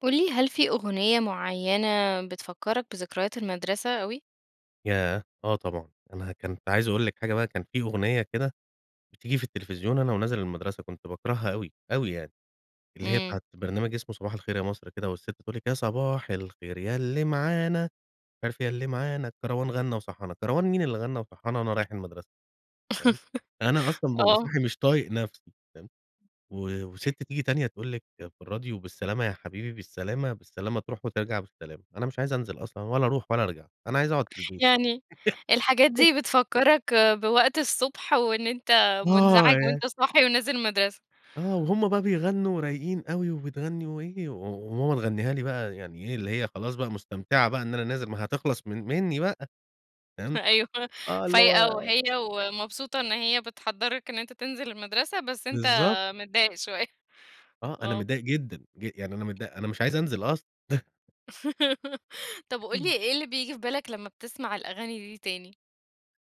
قل لي هل في أغنية معينة بتفكرك بذكريات المدرسة اوي؟ ياه! آه طبعًا، أنا ها كنت عايز أقول لِك حاجة بقى كان في أغنية كده بتيجي في التلفزيون أنا ونازل المدرسة كنت باكرهها اوي، اوي يعني، اللّي هي امم. بتاعة برنامج إسمه صباح الخير يا مصر كده والسّت بتقول لِك: "يا صباح الخير يا إللّي معانا، مش عارف إيه يا إللّي معانا الكَروان غنّى وصحّانا" كَروان مين إللّي غنّى وصحّانا وأنا رايح المدرسة! فاهِم، أنا أصلًا بابقى آه. صاحي مش طايق نفسي فاهِم، و وسِتّ تيجي تانية تقول لِك في الراديو بالسّلامة يا حبيبي بالسّلامة بالسّلامة، تروح وترجع بالسّلامة، أنا مش عايز أنزل أصلًا ولا أروح ولا أرجع أنا عايز أقعُد في البيت. يعني الحاجات دي بتفكرك بوقت الصبح، وإن أنت آه مُنزعج يعني وأنت صاحي ونازل المدرسة؟ آه، وهمّ بقى بيغنّوا ورايقين اوي وبتغنّي وإيه، و وماما تغنيها لي بقى يعني إيه إللّي هي خلاص بقى مُستمتعة بقى إن أنا نازل، ما هي هتِخلَص من منّي بقى. فاهِم، أيوه آه إللّي هو فايقة وهي ومبسوطة إن هي بتحضرك إن أنت تنزل المدرسة، بس أنت بالضبط. متضايق شوية. آه، أنا آه. متضايق جدًا جِ يعني أنا متضا أنا مش عايز أنزل أصلًا. طَبّ قل لي [unintelligible] إيه إللّي بييجي في بالك لما بتسمع الأغاني دي تاني؟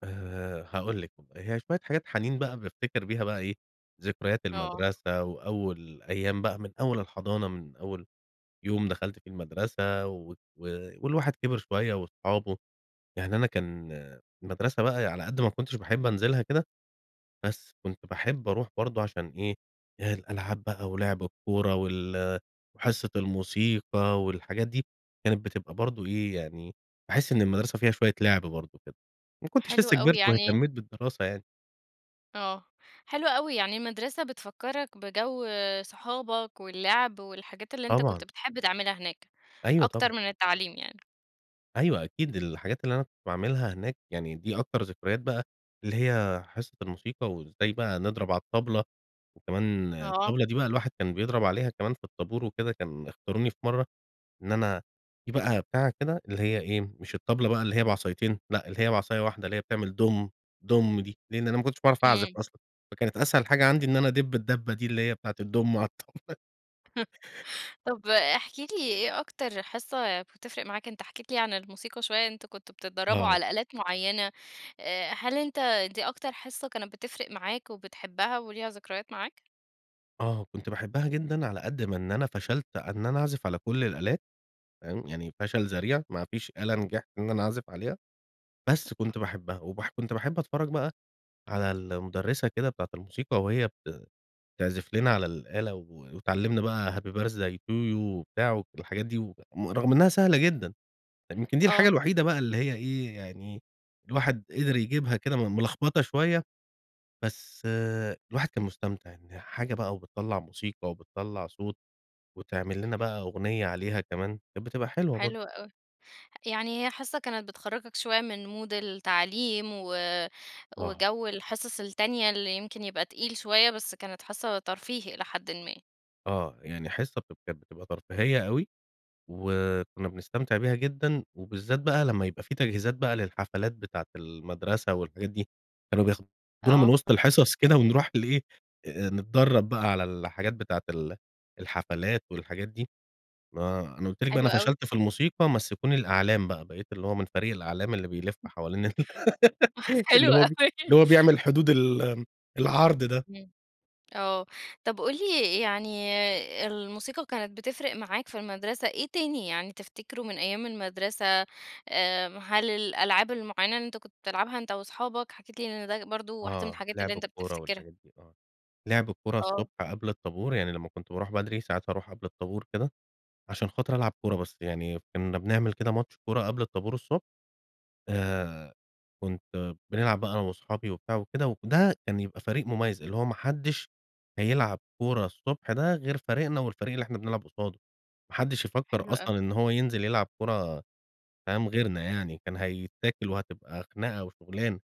آآ، هاقول لِك، [unintelligible] هي شوية حاجات حنين بقى بافتكر بيها بقى إيه، ذكريات آه. المدرسة، وأول أيام بقى من أول الحضانة، من أول يوم دخلت في المدرسة و و والواحد كبر شوية وأصحابه، يعني أنا كان المدرسة بقى على قد ما كنتش باحب أنزلها كده، بس كنت باحب أروح برضه عشان إيه، الألعاب بقى ولعب الكورة وال وحصة الموسيقى والحاجات دي، كانت بتبقى برضه إيه يعني، باحس إن المدرسة فيها شوية لعب برضه كده. ما كنتش حلو لسه أوي كبرت يعني واهتميت بالدراسة يعني. آه، حلو أوي، يعني المدرسة بتفكرك بجو صحابك، واللعب والحاجات اللي أنت كنت طبعًا. بتحب تعملها هناك، أيوه، أكتر طبعًا. من التعليم يعني. أيوه، أكيد الحاجات اللي أنا كنت باعملها هناك، يعني دي أكتر ذكريات بقى، اللي هي حصة الموسيقى وازاي بقى نضرب على الطبلة. وكمان آه. الطبلة دي بقى الواحد كان بيضرب عليها كمان في الطابور وكده كان اختاروني في مرة، إن أنا دي بقى بتاعه كده اللي هي إيه، مش الطبلة بقى اللي هي بعصايتين لأ، اللي هي بعصاية واحدة اللي هي بتعمل دوم، دوم دي، لأن أنا ما كنتش باعرف أعزف امم. أصلًا، فكانت أسهل حاجة عندي إن أنا أدب الدبة دي اللي هي بتاعة الدوم على الطا طب، احكِ لي، إيه أكتر حصة بتفرق معاك؟ أنت حكيت لي عن الموسيقى شوية، أنتم كنتم بتتدربوا آه. على آلات معينة آآ، هل أنت دي أكتر حصة كانت بتفرق معاك وبتحبها وليها ذكريات معاك؟ آه، كنت باحبها جدًا على قد ما إن أنا فشلت إن أنا أعزف على كل الآلات تمام، يعني فشل ذريع ما فيش آلة نجحت إن أنا أعزف عليها، بس [unintelligible] كنت باحبها، وبح كنت باحب أتفرج بقى على المُدرِّسة كده بتاعة الموسيقى وهي بت تعزف لنا على الآلة وتعلمنا بقى happy birthday to you وبتاع والحاجات دي و رغم إنها سهلة جدًا، يمكن دي الحاجة آه. الوحيدة بقى اللي هي إيه يعني الواحد قدر يجيبها كده م ملخبطة شوية. بس الواحد كان مستمتع إن حاجة بقى وبتطّلع موسيقى، وبتطّلع صوت، وتعمل لنا بقى أغنية عليها كمان، كانت بتبقى حلوة برضو. حلو أوي. يعني هي حصة كانت بتخرجك شوية من مود التعليم و آه. وجو الحصص التانية اللي يمكن يبقى تقيل شوية، بس كانت حصة ترفيهي إلى حدٍ ما. آه، يعني حصة بتب كانت بتبقى ترفيهية أوي، وكنا بنستمتع بيها جدًا وبالذات بقى لما يبقى في تجهيزات بقى للحفلات بتاعة المدرسة والحاجات دي، كانوا بياخدونا من آه. وسط الحصص كده ونروح لإيه آآ نتدرب بقى على الحاجات بتاعة ال الحفلات والحاجات دي، ما أنا قلت لِك بقى حلو أنا أوي. فشلت في الموسيقى مَسِّكوني الأعلام بقى، بقيت اللي هو من فريق الأعلام اللي بيلف حوالين ال حلو اللي هو ب أوي. اللي هو بيعمل حدود ال العرض ده. امم. آه. طب قل لي يعني الموسيقى كانت بتفرق معاك في المدرسة إيه تاني يعني تفتكره من أيام المدرسة، آآ، هل الألعاب المُعينة اللي أنت كنت بتلعبها أنت وأصحابك؟ حكيت لي إن ده برضو واحدة من آه، الحاجات اللي لِعب أنت الكورة بتفتكرها. والحاجات دي آه. لِعب الكورة الصبح آه. قبل الطابور يعني لما كنت باروح بدري ساعات أروح قبل الطابور كده، عشان خاطر العب كورة بس، يعني كنا بنعمل كده ماتش كورة قبل الطابور الصبح. آآ، كنت بنلعب بقى أنا وأصحابي وبتاع وكده، وده كان يبقى فريق مميز اللي هو ما حدش هيلعب كورة الصبح ده غير فريقنا والفريق اللي إحنا بنلعب قصاده، ما حدش يفكر حلو أوي. أصلًا إن هو ينزل يلعب كورة فاهم، غيرنا يعني كان هيتاكل، وهتبقى خناقة وشغلانة.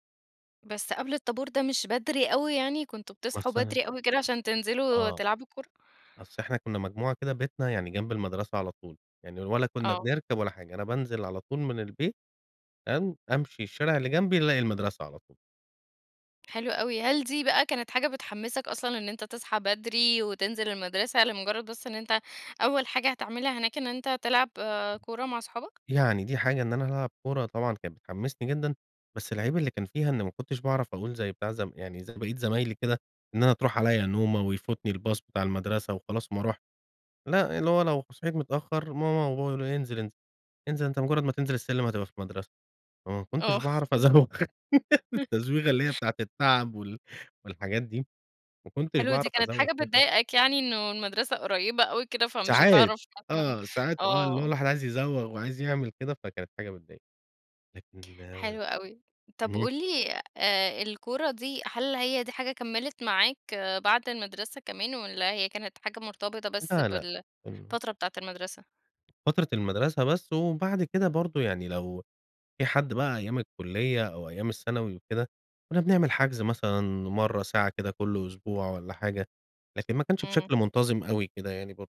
بس قبل الطابور ده مش بدري أوي يعني؟ كنتم بتصحوا مثلًا. بدري أوي كده عشان تنزلوا آه، تلعبوا كورة. أصل إحنا كنا مجموعة كده بيتنا، يعني جنب المدرسة على طول، يعني ولا كنا آه. بنركب ولا حاجة. أنا بانزل على طول من البيت تمام، أمشي الشارع اللي جنبي الاقي المدرسة على طول. حلو أوي. هل دي بقى كانت حاجة بتحمسك أصلًا إن أنت تصحي بدري، وتنزل المدرسة لمجرد بس إن أنت أول حاجة هتعملها هناك إن أنت تلعب آآ، كورة مع أصحابك؟ يعني دي حاجة إن أنا ألعب كورة طبعًا كان بتحمسني جدًا، بس العيب اللي كان فيها إن ما كنتش باعرف أقول زي بتاع ز يعني زي باقية زمايلي كده، إن أنا تروح عليّا نومة ويفوتني الباص بتاع المدرسه وخلاص وما اروحش. لأ، اللي هو لو صحيت متأخر ماما وبابا يقولوا لي: "انزل انز انزل أنت مجرد ما تنزل السلم هتبقى في المدرسة." فما كنتش آه. باعرف أزوغ التزويغة اللي هي بتاعة التعب وال والحاجات دي. ما كنتش حلوة دي، باعرف كانت أزوغ حاجة اهم. بتضايقك يعني إنه المدرسة قريبة أوي كده، فمش ساعات. هتعرف مثلًا آه، ساعات آه، اللي هو آه. الواحد عايز يزوغ وعايز يعمل كده، فكانت حاجة بتضايق لكن حلو أهم. أوي. طب، قُل لي آآ الكورة دي هل هي دي حاجة كملت معاك بعد المدرسة كمان والّا هي كانت حاجة مرتبطة بس لا، لأ. إمم. بالفترة بتاعة المدرسة؟ فترة المدرسة بس وبعد كده برضه يعني لو في حد بقى أيام الكلية أو أيام الثانوي وكده، كنا بنعمل حجز مثلًا مرة، ساعة كده كل أسبوع والّا حاجة، لكن ما كانش امم. بشكل منتظم أوي كده يعني برضه.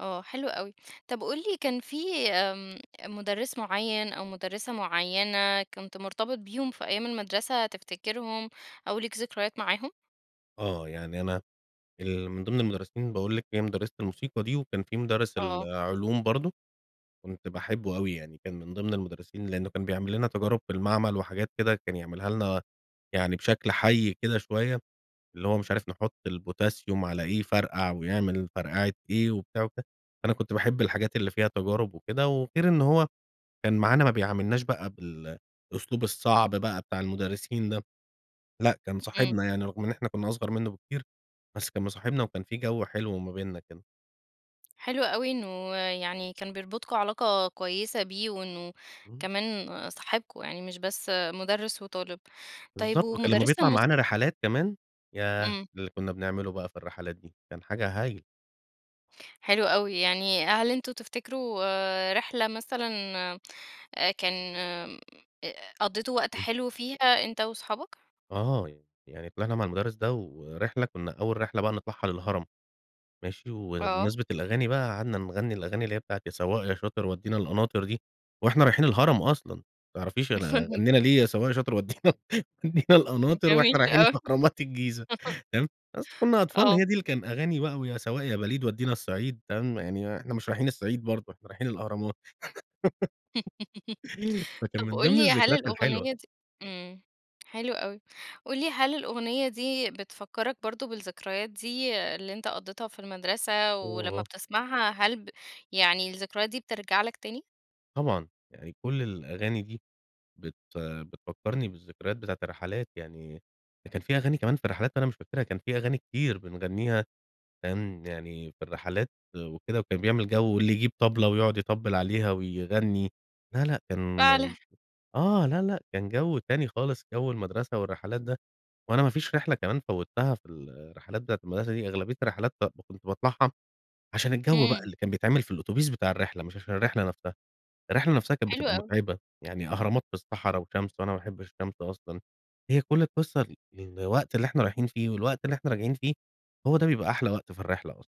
آه، حلو أوي. طب، قل لى كان في آمم، مُدرس معين أو مُدرسة معينة كنت مرتبط بيهم في أيام المدرسة، تفتكرهم أو ليك ذكريات معاهم؟ آه، يعني أنا ال من ضمن المدرسين، باقول لك هي مُدرسة الموسيقى دي، وكان في مدرس آه. العلوم برضه كنت باحبه أوي يعني كان من ضمن المدرسين لأنه كان بيعمل لنا تجارب في المعمل وحاجات كده كان يعملها لنا يعني بشكل حي كده شوية، اللي هو مش عارف نحط الPotassium على إيه يفرقع ويعمل فرقعة إيه وبتاع. وك أنا كنت باحب الحاجات اللي فيها تجارب وكده، وغير إنه هو كان معانا ما بيعاملناش بقى بالأسلوب الصعب بقى بتاع المدرسين ده. لأ، كان إمم. صاحبنا يعني، رغم إن إحنا كُنَّا أصغر منه بكتير، بس كان مصاحبنا وكان في جو حلو ما بيننا كده. حلو أوي إنه يعني كان بيربطكم علاقة كويسة بيه وإنه إمم. كمان صاحبكم، يعني مش بس مُدرس وطالب. طيب، بالضبط. كان لمّا ومُدرسة بيطلع معانا الموِسيقى؟ رحلات كمان ياه! إمم. اللي كنا بنعمله بقى في الرحلات دي، كان حاجة هايلة. حلو أوي. يعني هل أنتم تفتكروا آآ، رحلة مثلًا آآ كان آمم، أ قضيتوا وقت امم. حلو فيها أنت وأصحابك؟ آه يع يعني طلعنا مع الُمدرس ده، ورحلة كنا أول رحلة بقى نطلعها للهرم، ماشي، آه. وبمناسبة الأغاني بقى قعدنا نغني الأغاني اللي هي بتاعة يا سواق يا شاطر ودينا القناطر دي، وإحنا رايحين الهرم أصلًا. ما تعرفيش أن غنينا ليه يا سواق يا شاطر ودي وَدِينَا القناطر جميل وإحنا رايحين أوي. اهرامات الجيزة تمام. بس كنا أطفال، آه. هي دي اللي كان أغاني بقى ويا سواق يا بليد ودينا الصعيد تمام يعني آآ، إحنا مش رايحين الصعيد برضه إحنا رايحين الأهرامات. فكان طب، من قل ضمن لي هل الذكرايات الحلوة. الأغنية دي امم، حلو أوي. قل لي هل الأغنية دي بتفكرك برضه بالذكريات دي اللي أنت قضيتها في المدرسة ولمّا آه. بتسمعها هل ب يعني الذكريات دي بترَجع لك تاني؟ طبعًا، يعني كُلّ الأغاني دي بت بتفكّرني بالذِّكريات بتاعة الرّحلات، يعني ده كان في أغاني كمان في الرّحلات أنا مش فاكرها، كان في أغاني كتير بنغنِّيها، كان يعني في الرِّحلات وكده، وكان بيعمل جَو واللي يجيب طبلة ويقعد يطبِّل عليها ويغنِّي، لا، لأ كان فعلًا. آه، لأ لأ كان جَو تاني خالص، جَو المدرسة والّرِّحلات ده، وأنا ما فيش رحلة كمان فوتّها في الرّحلات بتاعة المدرسة دي، أغلبية الرّحلات كنت باطلعها، عشان الجَو بقى إمم. اللي كان بيتعمل في الأوتوبيس بتاع الرِّحلة، مش عشان الرِّحلة نفسها، الرحلة نفسها كانت حلو بتبقى أوي. مُتعبة، يعني أهرامات في الصَّحرا وشمس، وأنا ما أحبِّش الشَّمس أصلًا، هي كُلّ القصَّة الوقت اللي إحنا رايحين فيه، والوقت اللي إحنا راجعين فيه، هوَ ده بيبقى أحلى وقت في الرِّحلة أصلًا.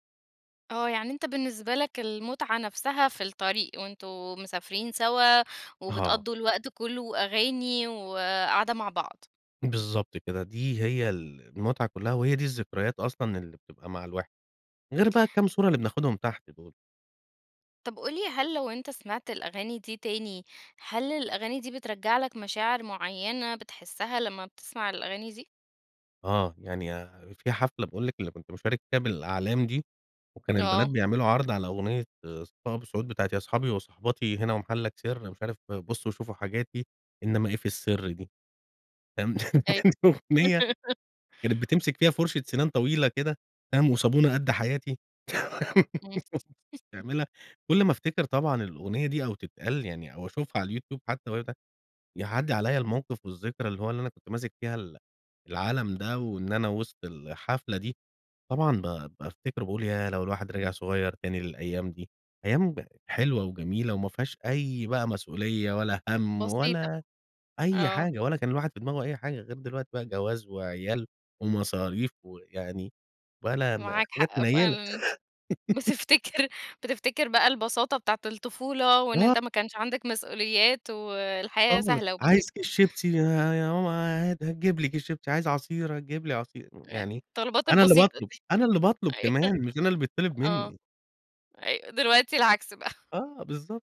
آه، يعني أنت بالنسبة لَك المُتعة نفسها في الطَّريق، وأنتم مسافرين سوا، آه. وبتقضوا الوقت كُلُّه وأغاني، وقعدة مع بعض. بالضبط كده، دي هي المُتعة كُلّها، وهي دي الذِّكريات أصلًا اللي بتبقى مع الواحد، غير بقى الكام صورة اللي بناخدهم تحت دُول. طب قُل لي هل لو أنتَ سمعت الأغاني دي تاني، هل الأغاني دي بترجَّع لَك مشاعر مُعيَّنة بتحسّها لمّا بتسمع الأغاني دي؟ آه، يعني في حفلة باقول لِك اللي كنت مشارك فيها بالأعلام دي، وكان البنات آه. بيعملوا عرض على أغنية صفاء أبو السعود بتاعة يا أصحابي وصاحباتي هنا ومحلك سر، مش عارف بصوا شوفوا حاجاتي إنما إيه في السر دي فاهم، أيوه. يعني أغنية كانت بتمسك فيها فرشة سنان طويلة كده فاهم، وصابونة قد حياتي. امم. تعملها كل ما أفتكر طبعًا الأغنية دي، أو تتقال يعني أو أشوفها على الYouTube حتى [unintelligible] يعدي عليّا الموقف والذكرى اللي هوَ اللي أنا كنت ماسك فيها ال العلم ده، وإن أنا وسط الحفلة دي، طبعًا ب بافتكر باقول ياه! لو الواحد رجع صغير تاني للأيام دي، أيام حلوة وجميلة وما فيهاش أي بقى مسؤولية، ولا هَم، بسيطة، ولا أي آه. حاجة ولا كان الواحد في دماغه أي حاجة، غير دلوقتي بقى جواز وعيال ومصاريف ويعني ولا م معاك حاجات حق منيلة. فعلًا، بس افتكر بتفتكر بقى البساطة بتاعة الطفولة وإن آه. أنتَ ما كانش عندك مسؤوليات والحياة خالص، سهلة عايز وبسيطة. كيس شيبسي يا يا ماما عادي هتجيب لي كيس شيبسي، عايز عصير هتجيب لي عصير، أيوه، يعني الطلبات أنا اللي البسيطة باطلب، دي، أنا اللي باطلب أيوه كمان مش أنا اللي بيتطلب آه، مني. أيوه دلوقتي العكس بقى. آه، بالضبط.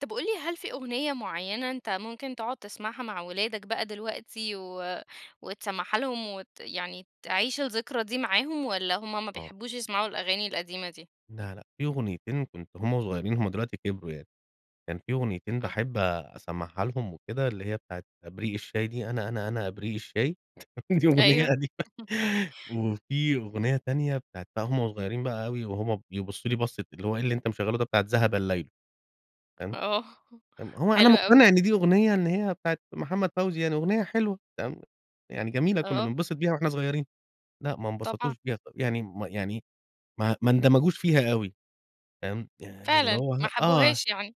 طب قل لي هل في أغنية معينة أنت ممكن تقعد تسمعها مع ولادك بقى دلوقتي، و وتسمعها لهم وت يعني تعيش الذكرى دي معاهم، والَّا همَّ ما آه. بيحبوش يسمعوا الأغاني القديمة دي؟ لا، لأ، في أغنيتين كنت وهمَّ صغيرين همَّ دلوقتي كبروا يعني، كان في أغنيتين آه. باحب أسمعها لهم وكده اللي هي بتاعة إبريق الشاي دي، أنا، أنا، أنا إبريق الشاي، دي أغنية أيوه. قديمة وفي أغنية تانية بتاعة بقى وهمَّ صغيرين بقى أوي، وهمَّ بيبصوا لي بصة اللي هو إيه اللي أنت مشغله ده بتاعة ذهب الليل تمام، آه، امم هو أنا حلوة أوي. مقتنع إن دي أغنية إن هي بتاعة محمد فوزي يعني أغنية حلوة تمام، يعني جميلة كنا آه. بننبسط بيها وإحنا صغيرين، لا ما طبعًا. انبسطوش بيها ط يعني ما يعني ما ما اندمجوش فيها أوي فاهم، يعني اللي فعلًا، هو ما ه آه، حبوهاش يعني؟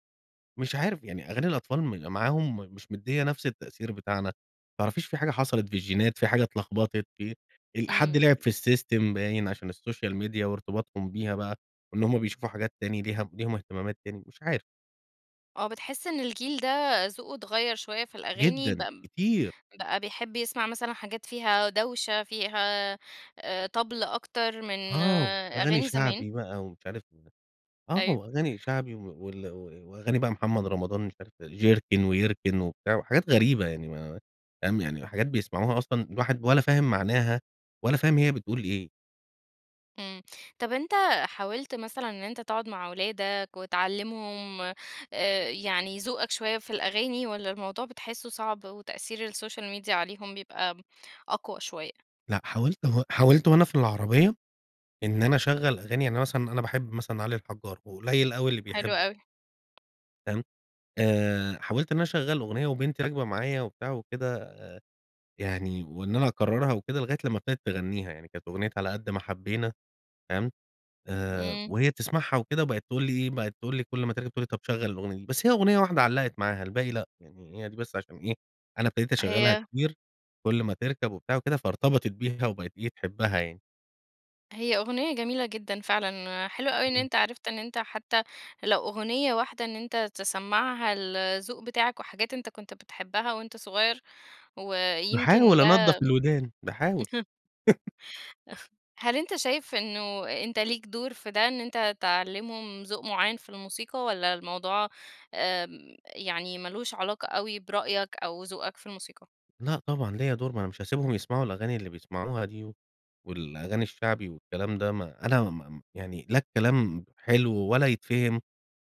مش عارف يعني أغاني الأطفال م معاهم مش مديه نفس التأثير بتاعنا، متعرفيش في حاجة حصلت في الجينات في حاجة اتلخبطت في حد إمم. لعب في السيستم باين عشان السوشيال ميديا وارتباطهم بيها بقى وإن همَّ بيشوفوا حاجات تاني ليها ليهم اهتمامات تاني مش عارف. آه، بتحِسّ إن الجيل ده ذوقُه اتغيَّر شُويَّة في الأغاني، جدًا، بق كتير. بقى بيحب يسمع مثلًا حاجات فيها دوشة، فيها آآ طبل أكتر من آه، وأغاني أغاني زمان؟ شَعبي بقى ومش عارف [unintelligible] آه، أيوه. وأغاني شَعبي وال و وأغاني بقى محمد رمضان مش عارف جركن، ويركن وبتاع، وحاجات غريبة، يعني ما فاهم، يعني حاجات بيسمعوها أصلًا الواحد ولا فاهم معناها، ولا فاهم هي بتقول إيه. إمم، طب أنتَ حاولت مثلًا إن أنتَ تقعُد مع أولادك، وتعلِّمهم آآ يعني ذوقك شويَّة في الأغاني، والّا الموضوع بتحِسُّه صعب وتأثير السوشيال ميديا عليهم بيبقى أقوى شويَّة؟ لأ، حاولت و حاولت وأنا في العربيَّة، إن أنا أشَغَّل أغاني يعني مثلًا أنا مثلًا أنا باحب مثلًا علي الحجّار، وقليل أوي اللي حلو بيحبُّه. أوي. فاهم، آآ حاولت إن أنا أشَغَّل أغنية وبنتي راكبة معايا وبتاع وكده، يعني وإن أنا أكرّرها وكده لغاية لمّا ابتدت تغنّيها، يعني كانت أغنية على قَدّ ما حبينا فاهم، آآ إمم. وهي بتسمعها وكده وبقت تقول لي إيه، بقت تقول لي كل ما تركب تقول لي طب شغل الأغنية دي، بس هي أغنية واحدة علقت معاها، الباقي لأ، يعني هي دي بس عشان إيه أنا ابتديت أشَغَّلها هي كتير، كُلّ ما تِركب وبتاع وكده، فارتبطت بيها وبقت إيه تحبها يعني. هي أغنية جميلة جدًا فعلًا، حلو أوي إن امم. أنت عرفت إن أنت حتى لو أغنية واحدة إن أنت تسمّعها الذوق بتاعك، وحاجات أنت كُنت بتحبها وأنت صغير، و يمكن باحاول ده أنضّف الودان باحاول. هل أنت شايف إنه أنت ليك دور في ده، إن أنت تعلمهم ذوق معين في الموسيقى، والّا الموضوع آآ يعني مالوش علاقة أوي برأيك أو ذوقك في الموسيقى؟ لأ طبعًا، ليّا دور ما انا مش هاسيبهم يسمعوا الأغاني اللي بيسمعوها دي، والأغاني الشَّعبي والكلام ده، ما أنا ما ما يعني لا الكلام حلو، ولا يتفهم،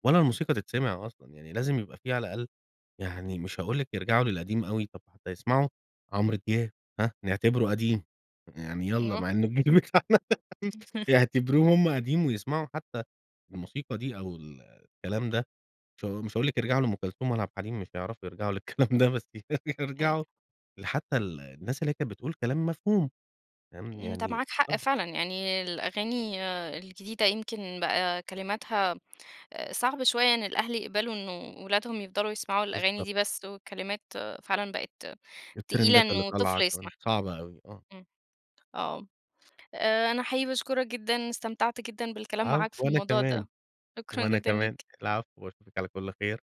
ولا الموسيقى تِتسمِع أصلًا، يعني لازم يبقى في على الأقل يعني مش هاقول لِك يرجعوا للقديم أوي، طب حتَّى يسمعوا عمرو دياب ها، نِعتبرُه قديم، يعني يالّا أيوه مع إنه الجيل بتاعنا يعتبرُوه هُم قديم ويسمعوا حتى الموسيقى دي، أو ال الكلام ده، مش ها مش هاقول لِك يرجعوا لأم كلثوم ولا عبد الحليم، مش حيعرفوا يرجعوا للكلام ده بس أي يرجعوا لحتى ال الناس اللي هي كانت بتقول كلام مفهوم تمام؟ أنت يعني معاك حق آه فعلًا، يعني الأغاني الجديدة يمكن بقى كلماتها صعب شوية، إن الأهل يقبلوا إنه ولادهم يفضلوا يسمعوا الأغاني بالضبط. دي بس، والكلمات فعلًا بقت تقيلة التريندات اللي إنه طفل طالعة كمان يسمعها، صعبة أوي، آه. امم، آه، آآ أنا حقيقي باشكرك جدًا، استمتعت جدًا بالكلام العفو معاك في وأنا الموضوع كمان، ده، شكرًا وأنا جدًا كمان، ليك. العفو، وأشُوفِك على كُلّ خير.